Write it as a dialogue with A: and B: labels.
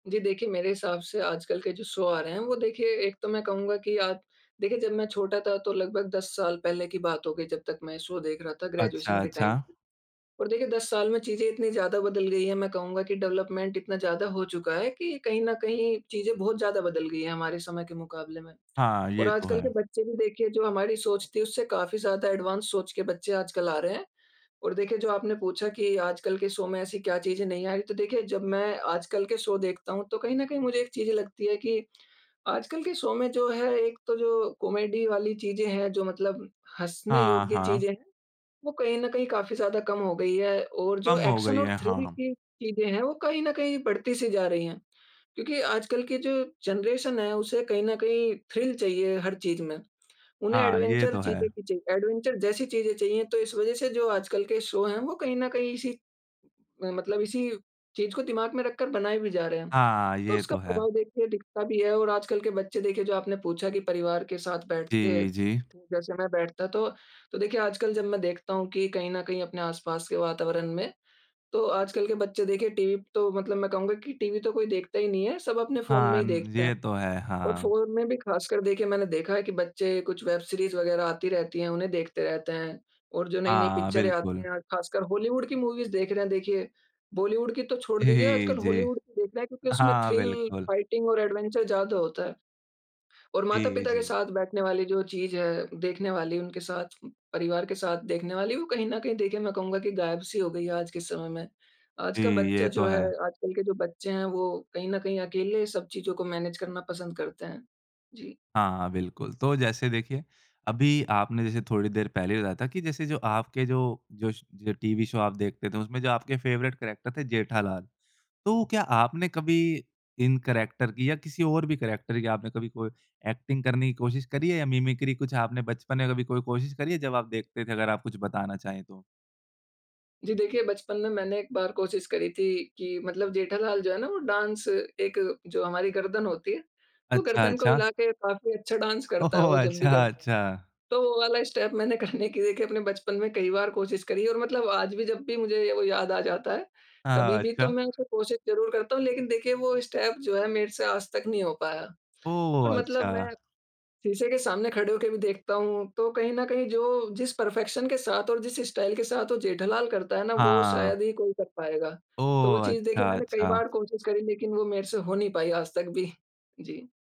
A: जी, देखिए मेरे हिसाब से आजकल के जो शो आ रहे हैं, वो देखिए एक तो मैं कहूँगा कि आप देखिए, जब मैं छोटा था तो लगभग 10 साल पहले की बात हो गई जब तक मैं शो देख रहा था
B: अच्छा,
A: ग्रेजुएशन के टाइम।
B: अच्छा।
A: और देखिए 10 साल में चीज़ें इतनी ज़्यादा बदल गई हैं मैं कहूँगा कि डेवलपमेंट इतना ज़्यादा हो चुका है कि कहीं न कहीं चीज़ें बहुत ज़्यादा बदल गई हैं हमारे समय के मुकाबले में।
B: हाँ,
A: और
B: ये तो
A: आजकल के
B: है।
A: बच्चे भी देखिए जो हमारी सोच थी उससे काफ़ी ज़्यादा एडवांस सोच के बच्चे आजकल आ रहे हैं और देखिए जो आपने पूछा कि आजकल के शो में ऐसी क्या चीज़ें नहीं आईं, तो देखिए जब मैं आजकल के शो देखता हूँ तो कहीं न कहीं मुझे एक चीज़ें लगती है कि आजकल के शो में जो है एक तो जो कॉमेडी वाली चीज़ें हैं, जो मतलब हँसने
B: हाँ,
A: योग्य
B: हाँ।
A: चीज़ें वो कहीं न कहीं काफ़ी ज़्यादा कम हो गई हैं, और जो
B: कम हो गई
A: एक्शन और
B: है, हाँ,
A: थ्रिल
B: हाँ।
A: की चीज़ें हैं वो कहीं न कहीं बढ़ती-सी जा रही हैं। क्योंकि आजकल की जो जनरेशन है उसे कहीं न कहीं थ्रिल चाहिए हर चीज़ में, उन्हें
B: हाँ, ये
A: एडवेंचर
B: तो
A: चीज़ें
B: है।
A: की चाहिए एडवेंचर जैसी चीज़ें चाहिए तो इस वजह से जो आजकल के शो है वो कहीं न कहीं इसी म मतलब इसी चीज़ को दिमाग में रखकर बनाए भी जा रहे हैं।
B: हाँ,
A: तो
B: ये
A: उसका
B: तो है।
A: प्रभाव देखिए दिखता भी है और आजकल के बच्चे देखिए जो आपने पूछा कि परिवार के साथ बैठते
B: जी, जी।
A: जैसे मैं बैठता तो, तो देखिए आजकल जब मैं देखता हूँ कि कहीं न कहीं अपने आस-पास के वातावरण में तो आजकल के बच्चे देखें टीवी तो मतलब मैं कहूँगा कि टीवी तो कोई देखता ही नहीं है, सब अपने फ़ोन में
B: हाँ,
A: ही देखते हैं।
B: ये तो है,
A: और
B: हाँ।
A: फ़ोन में भी खासकर देखिए मैंने देखा है कि बच्चे कुछ वेब सीरीज़ वग़ैरह आती रहती है। उन्हें देखते रहते हैं और जो नई-नई
B: हाँ,
A: पिक्चरें आती
B: बिल्कुल।
A: हैं, खासकर हॉलीवुड की मूवीज़ देख रहे हैं देखिए बॉलीवुड की तो छोड़ दीजिए
B: जी,
A: आजकल
B: जी।
A: हॉलीवुड की देख रहे हैं क्योंकि उसमें
B: हाँ,
A: थ्रिल,
B: बिल्कुल।
A: फाइटिंग और एडवेंचर ज़्यादा होता है। और
B: जी,
A: माता-पिता के
B: जी।
A: साथ बैठने वाली जो चीज़ है, देखने वाली उनके साथ, परिवार के साथ देखने वाली वो कहीं न कहीं देखें मैं कहूँगा कि गायब-सी हो गयी है आज के समय में। आज
B: जी,
A: का
B: ये
A: बच्चा
B: तो
A: जो है
B: है।
A: आजकल के जो बच्चे हैं वो कहीं न कहीं अकेले सब चीज़ों को मैनेज करना पसंद करते हैं, जी।
B: हाँ, बिल्कुल, तो जैसे देखिए, अभी आपने जैसे थोड़ी देर पहले ही बताया था कि जैसे जो आपके जो जो श जो टीवी शो आप देखते थे। उसमें जो आपके फेवरेट कैरेक्टर थे जेठालाल, तो क्या आपने कभी इन कैरेक्टर की या किसी और भी कैरेक्टर की आपने कभी कोई एक्टिंग करने की कोशिश करी है, या मिमिक्री कुछ आपने बचपन में कभी कोई कोशिश करी है जब आप देखते थे अगर आप कुछ बताना चाहें तो?
A: जी, देखिए बचपन में मैंने एक बार कोशिश करी थी कि मतलब जेठालाल जो है ना, वो डांस एक जो हमारी गर्दन होती है तो
B: अच्छा,
A: गर्दन को
B: अच्छा।
A: हिला के काफ़ी अच्छा डांस करता है,
B: ओहो!
A: वो जब भी
B: अच्छा,
A: करता,
B: अच्छा।
A: तो वो वाला स्टेप मैंने करने की देखिए अपने बचपन में कई बार कोशिश करी और मतलब आज भी जब भी मुझे वो याद आ जाता है कभी
B: हाँ,
A: भी तो
B: अच्छा।
A: मैं उसे कोशिश ज़रूर करता हूँ। लेकिन देखिए, वो स्टेप जो है मेरे से आज तक नहीं हो पाया और
B: ओह!
A: मतलब मैं
B: अच्छा।
A: शीशे के सामने खड़े होके भी देखता हूँ तो कहीं न कहीं जो जिस परफेक्शन के साथ और जिस स्टाइल के साथ वो जेठालाल करता है ना वो
B: हाँ।
A: शायद ही कोई कर पाएगा तो वो
B: ओह,
A: चीज़ देखें
B: अच्छा,
A: मैंने कई
B: अच्छा।
A: बार कोशिश करी, लेकिन वो मेरे से हो नहीं पाई आज तक भी, जी।